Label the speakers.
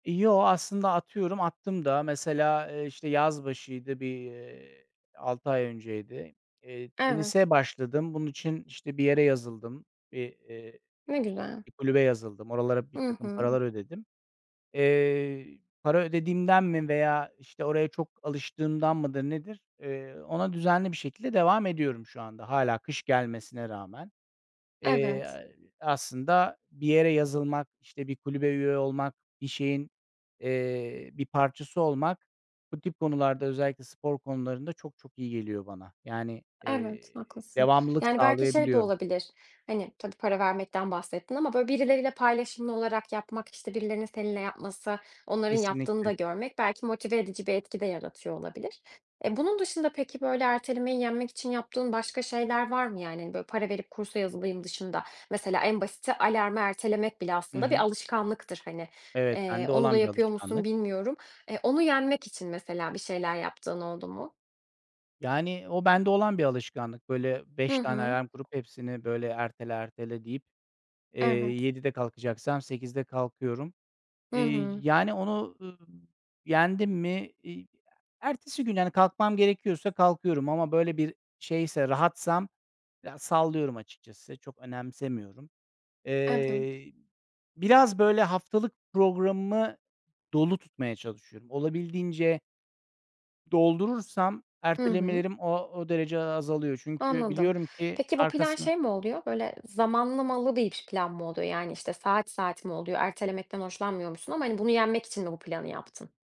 Speaker 1: E, yoo, aslında atıyorum, attım da. Mesela, eee, işte, yaz başıydı bir, eee, 6 ay önceydi. Eee,
Speaker 2: Evet.
Speaker 1: tenise başladım. Bunun için, işte, bir yere yazıldım. Eee, eee,
Speaker 2: Ne güzel.
Speaker 1: bir kulübe yazıldım. Oralara
Speaker 2: Hı
Speaker 1: birtakım
Speaker 2: hı.
Speaker 1: paralar ödedim. Eee, para ödediğimden mi veya, işte, oraya çok alıştığımdan mıdır, nedir, eee, ona düzenli bir şekilde devam ediyorum şu anda hâlâ kış gelmesine rağmen.
Speaker 2: Evet.
Speaker 1: Eee, aslında bir yere yazılmak, işte, bir kulübe üye olmak, bir şeyin, eee, bir parçası olmak bu tip konularda özellikle spor konularında çok çok iyi geliyor bana. Yani,
Speaker 2: Evet,
Speaker 1: eee,
Speaker 2: haklısın.
Speaker 1: devamlılık
Speaker 2: Yani, belki şey de
Speaker 1: sağlayabiliyorum.
Speaker 2: olabilir, hani, tabii, para vermekten bahsettin ama böyle birileriyle paylaşımlı olarak yapmak, işte, birilerinin seninle yapması, onların yaptığını
Speaker 1: Kesinlikle.
Speaker 2: da görmek belki motive edici bir etki de yaratıyor olabilir. Eee, bunun dışında peki, böyle, ertelemeyi yenmek için yaptığın başka şeyler var mı? Yani hani, böyle para verip kursa yazılayım dışında, mesela en basiti alarmı ertelemek bile
Speaker 1: Hı
Speaker 2: aslında
Speaker 1: hı.
Speaker 2: bir alışkanlıktır hani.
Speaker 1: Evet,
Speaker 2: Eee,
Speaker 1: bende
Speaker 2: onu da
Speaker 1: olan bir
Speaker 2: yapıyor musun
Speaker 1: alışkanlık.
Speaker 2: bilmiyorum. Eee, onu yenmek için mesela bir şeyler yaptığın oldu mu?
Speaker 1: Yani, o bende olan bir alışkanlık. Böyle 5
Speaker 2: Hı
Speaker 1: tane
Speaker 2: hı.
Speaker 1: alarm kurup hepsini böyle ertele ertele deyip, eee,
Speaker 2: Evet.
Speaker 1: 07.00'de kalkacaksam 08.00'de kalkıyorum.
Speaker 2: Hı
Speaker 1: Eee,
Speaker 2: hı.
Speaker 1: yani onu, ııı, yendim mi, iii, ya, ertesi gün, hani, kalkmam gerekiyorsa kalkıyorum ama böyle bir şeyse, rahatsam, ya, sallıyorum açıkçası. Çok önemsemiyorum.
Speaker 2: Evet.
Speaker 1: Eee, biraz böyle haftalık programımı dolu tutmaya çalışıyorum. Olabildiğince doldurursam
Speaker 2: Hı hı.
Speaker 1: ertelemelerim o o derece a azalıyor. Çünkü
Speaker 2: Anladım.
Speaker 1: biliyorum ki
Speaker 2: Peki bu plan
Speaker 1: arkasına
Speaker 2: şey mi oluyor, böyle zamanlamalı bir plan mı oluyor? Yani, işte, saat saat mi oluyor? Ertelemekten hoşlanmıyormuşsun ama, hani, bunu yenmek için mi bu planı yaptın?